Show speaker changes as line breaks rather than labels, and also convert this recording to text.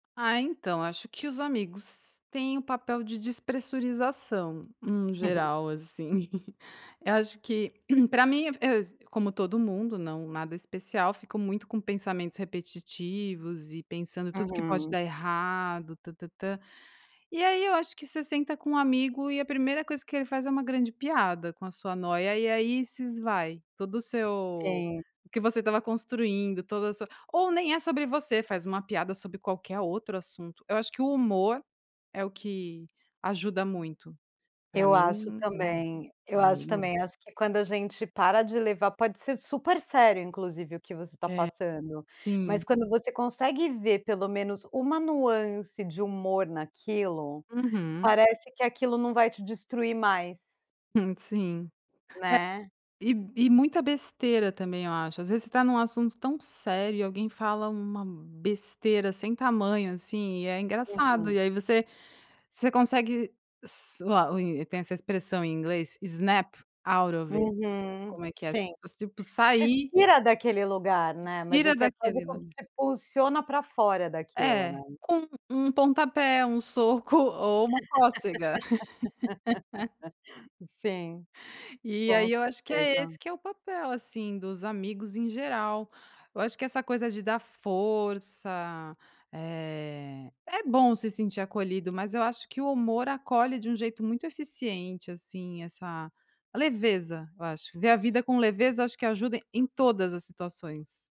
Ah, então acho que os amigos têm o papel de despressurização, em
Uhum.
geral assim. Eu acho que pra mim eu s como todo mundo, não nada especial, fico muito com pensamentos repetitivos e pensando tudo que pode
Uhum.
dar errado, tã-tã-tã. E aí eu acho que você senta com um amigo e a primeira coisa que ele faz é uma grande piada com a sua noia, e aí se esvai todo o seu
Sim.
o que você estava construindo, toda a sua ou nem é sobre você, faz uma piada sobre qualquer outro assunto, eu acho que o humor é o que ajuda muito. Pra
Eu acho
mim né,
também eu acho
amigo
também, eu acho que quando a gente para de levar pode ser super sério, inclusive o que você tá
É,
passando.
sim.
Mas quando você consegue ver pelo menos uma nuance de humor naquilo,
Uhum.
parece que aquilo não vai te destruir mais.
Hum, sim.
Né.
É, e e muita besteira também eu acho, às vezes, você está num assunto tão sério e alguém fala uma besteira sem tamanho, assim, e é engraçado
Uhum.
e aí você você consegue s o a e tem essa expressão em inglês, snap out of it,
Uhum.
como é que é s
Sim.
tipo
Te
sair
tira daquele lugar, né, mas
Tira
você é quase
daquele la
como se impulsiona pra fora daquilo, né.
É, com um pontapé, um soco ou uma cócega.
Sim.
E
Com
aí, eu acho que é
certeza.
esse que é o papel, assim, dos amigos em geral. Eu acho que essa coisa de dar força, eh, é bom se sentir acolhido, mas eu acho que o humor acolhe de um jeito muito eficiente, assim, essa a leveza eu acho, ver a vida com leveza acho que ajuda em todas as situações.